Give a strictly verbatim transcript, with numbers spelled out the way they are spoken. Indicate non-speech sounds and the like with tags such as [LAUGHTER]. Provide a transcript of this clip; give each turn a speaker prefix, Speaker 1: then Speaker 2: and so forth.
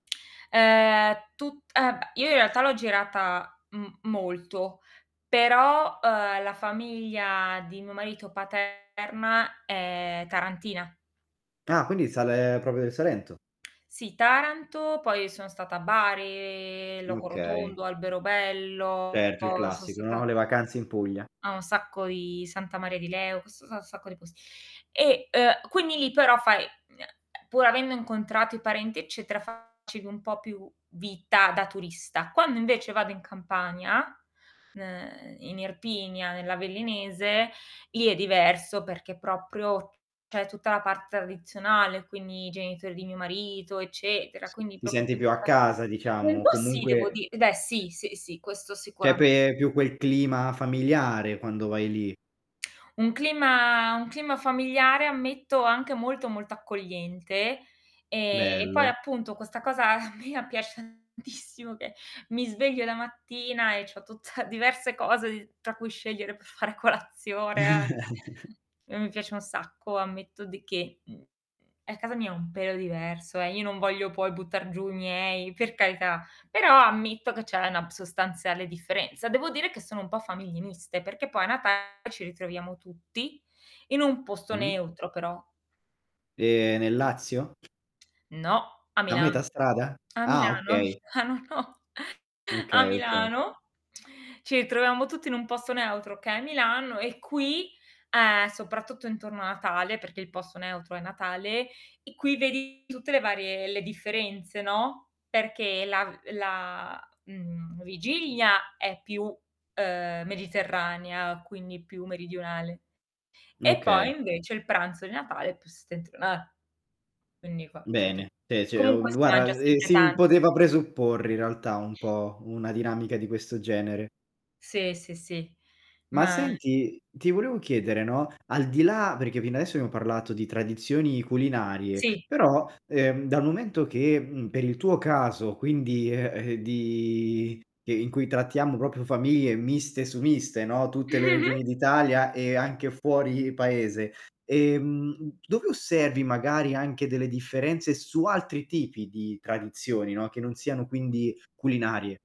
Speaker 1: Ehm, è tut eh b Io in realtà l'ho girata m molto, però, uhm, la famiglia di mio marito paterna è tarantina.
Speaker 2: Ah, quindi sale propio del Salento?
Speaker 1: Sì Taranto, poi sono stata a Bari, Loco
Speaker 2: Okay.
Speaker 1: Rotondo, Alberobello,
Speaker 2: Certo, il
Speaker 1: son
Speaker 2: classico, no,
Speaker 1: stata
Speaker 2: le vacanze in Puglia.
Speaker 1: a un sacco di Santa Maria di Leu so sa a un sacco di pos e, uhm, quindi lì però fai, ehm, pur avendo incontrato i parenti, eccetera, facevi un po' più vita da turista. Quando invece vado in Campania, ehm, in Irpinia, nell'Avellinese, lì è diverso perché proprio c'è tutta la parte tradizionale, quindi i genitori di mio marito, eccetera,
Speaker 2: S
Speaker 1: quindi
Speaker 2: ti
Speaker 1: propio
Speaker 2: senti più a
Speaker 1: tutta
Speaker 2: casa
Speaker 1: un
Speaker 2: diciamo, o
Speaker 1: po' sì devo
Speaker 2: comunque
Speaker 1: di beh sì, sì, sì, questo
Speaker 2: c'è
Speaker 1: sicurame
Speaker 2: pe è più quel clima familiare quando vai lì.
Speaker 1: Un clima un clima familiare, ammetto anche molto molto accogliente, ehm, e poi
Speaker 2: Bello.
Speaker 1: appunto questa cosa mia piace tantissimo che mi sveglio la mattina e c'ho tutta diverse cose di tra cui scegliere per fare colazione.
Speaker 2: [CHUCKLES]
Speaker 1: [CHUCKLES] E mi piace un sacco, ammetto di che, mhmm, è casa mia un pelo diverso, eh, io non voglio poi buttar giù i miei, per carità, però ammetto che c'è una sostanziale differenza. Devo dire che sono un po' famiglie miste, perché poi a Natale ci ritroviamo tutti, in un posto
Speaker 2: Mh.
Speaker 1: neutro però.
Speaker 2: Ehm, nel Lazio?
Speaker 1: No, a
Speaker 2: A metà
Speaker 1: Milano.
Speaker 2: strada?
Speaker 1: [SMACKS LIPS] A
Speaker 2: Ah
Speaker 1: Milano,
Speaker 2: okay.
Speaker 1: a Milano no, [CHUCKLES] a
Speaker 2: Okay, okay.
Speaker 1: Milano [SMACKS LIPS] ci ritroviamo tutti in un posto neutro che è Milano e qui, ehm, soprattutto intorno a Natale, perché il posto neutro è Natale, e qui vedi tutte le varie le differenze, no, perché la la, mhmm, vigilia è più, ehm, mediterranea, quindi più meridionale. E poi
Speaker 2: Okay.
Speaker 1: invece il pranzo di Natale è più settentriona quindi qua c'è tu
Speaker 2: Bene, c'è c'è u
Speaker 1: comunque si mangia
Speaker 2: guarda, ehm,
Speaker 1: sempre
Speaker 2: si m
Speaker 1: tanto.
Speaker 2: poteva presupporre in realtà un po', una dinamica di questo genere.
Speaker 1: Sì, sì, sì,
Speaker 2: Ma
Speaker 1: ma
Speaker 2: senti, ti volevo chiedere, no, al di là perché fino adesso abbiamo parlato di tradizioni culinarie,
Speaker 1: Sì
Speaker 2: però, ehm, dal momento che, mhmm, per il tuo caso quindi eh, eh, di in cui trattiamo propio famiglie miste su miste, no, tutte le
Speaker 1: [GIGGLES]
Speaker 2: regioni d'Italia e anche fuori paese, ehm, dove osservi magari anche delle differenze su altri tipi di tradizioni, no, che non siano quindi culinarie?